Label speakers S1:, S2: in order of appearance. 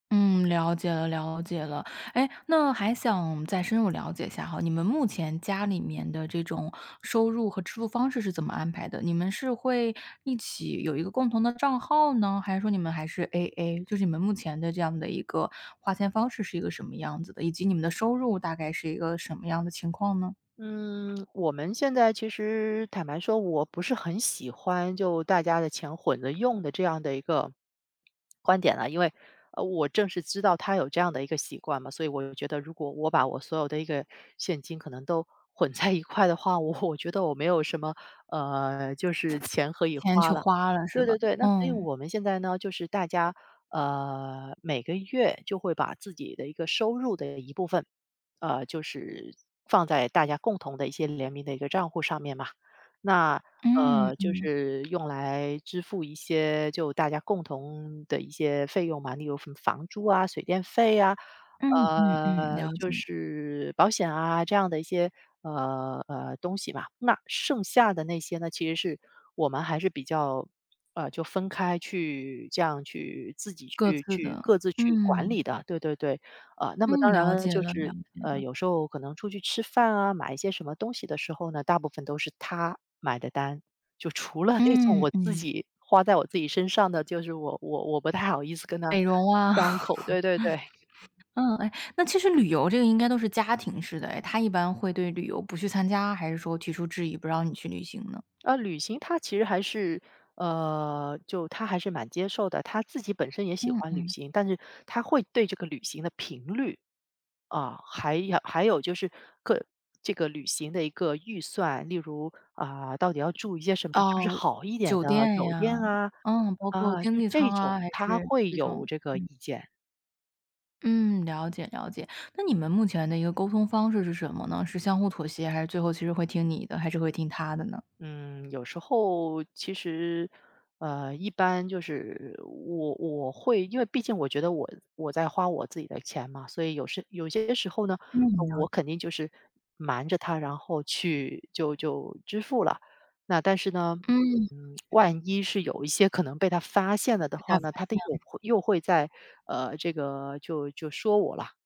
S1: 嗯，了解了了解了。哎，那还想再深入了解一下哈，你们目前家里面的这种收入和支出方式是怎么安排的？你们是会一起有一个共同的账号呢？还是说你们还是 AA？就是你们目前的这样的一个花钱方式是一个什么样子的？以及你们的收入大概是一个什么样的情况呢？
S2: 嗯，我们现在其实坦白说，我不是很喜欢就大家的钱混着用的这样的一个 观点啊。因为，呃，我正是知道他有这样的一个习惯嘛，所以我就觉得，如果我把我所有的一个现金可能都混在一块的话，我我觉得我没有什么，呃，就是钱可以
S1: 钱去
S2: 花了。
S1: 花了是
S2: 对
S1: 吧？
S2: 对对，那所以
S1: 嗯。
S2: 我们现在呢，就是大家，呃，每个月就会把自己的一个收入的一部分，呃，就是放在大家共同的一些联名的一个帐户上面嘛。那，
S1: 嗯，
S2: 呃，就
S1: 嗯。
S2: 是用来支付一些就大家共同的一些费用嘛。例如什么房租啊，水电费啊，
S1: 嗯嗯嗯，
S2: 呃，
S1: 了
S2: 就
S1: 解。
S2: 是保险啊，这样的一些，呃，呃，东西吧。那剩下的那些呢，其实是我们还是比较，呃，就分开去这样去自己
S1: 各
S2: 去
S1: 自
S2: 去
S1: 的，
S2: 各自去管
S1: 嗯。
S2: 理的，对对对。呃，那么
S1: 嗯，
S2: 当然
S1: 了
S2: 了，
S1: 解
S2: 就
S1: 了了
S2: 是，
S1: 解
S2: 呃，
S1: 了。
S2: 有时候可能出去吃饭啊，买一些什么东西的时候呢，大部分都是他买的单。就除了那种
S1: 嗯，
S2: 我自
S1: 嗯。
S2: 己花在我自己身上的，就是我我我不太好意思跟他
S1: 美容啊。
S2: 张 口，对对对。
S1: 嗯，哎，那其实旅游这个应该都是家庭式的哎，他一般会对旅游不去参加？还是说提出质疑，不让你去旅行呢？
S2: 呃，旅行他其实还是呃，就他还是蛮接受的，他自己本身也喜
S1: 嗯
S2: 欢旅
S1: 嗯。
S2: 行。但是他会对这个旅行的频率，啊，还有还有就是各这个旅行的一个预算，例如，啊，到底要住一些什么是不是
S1: 哦，
S2: 好一点
S1: 酒
S2: 的
S1: 店
S2: 酒
S1: 呀，
S2: 店啊？
S1: 嗯，包括
S2: 啊，
S1: 经
S2: 就
S1: 济
S2: 这
S1: 舱
S2: 种，
S1: 啊还
S2: 他
S1: 是
S2: 会
S1: 这
S2: 有
S1: 种
S2: 这个意
S1: 嗯。
S2: 见。
S1: 嗯，了解了解。那你们目前的一个沟通方式是什么呢？是相互妥协，还是最后其实会听你的，还是会听他的呢？
S2: 嗯，有时候，其实，呃，一般就是，我我会因为毕竟我觉得我我在花我自己的钱嘛。所以有时有些时候呢，
S1: 嗯，了
S2: 我
S1: 解。
S2: 肯定就是瞒着他然后去就就支付了。那但是呢，
S1: 嗯。
S2: 嗯，嗯，万一是有一些可能被他发现了的
S1: 被他
S2: 话
S1: 发
S2: 呢，他的
S1: 现
S2: 又
S1: 了。
S2: 会又会在呃，这个，就就说我了。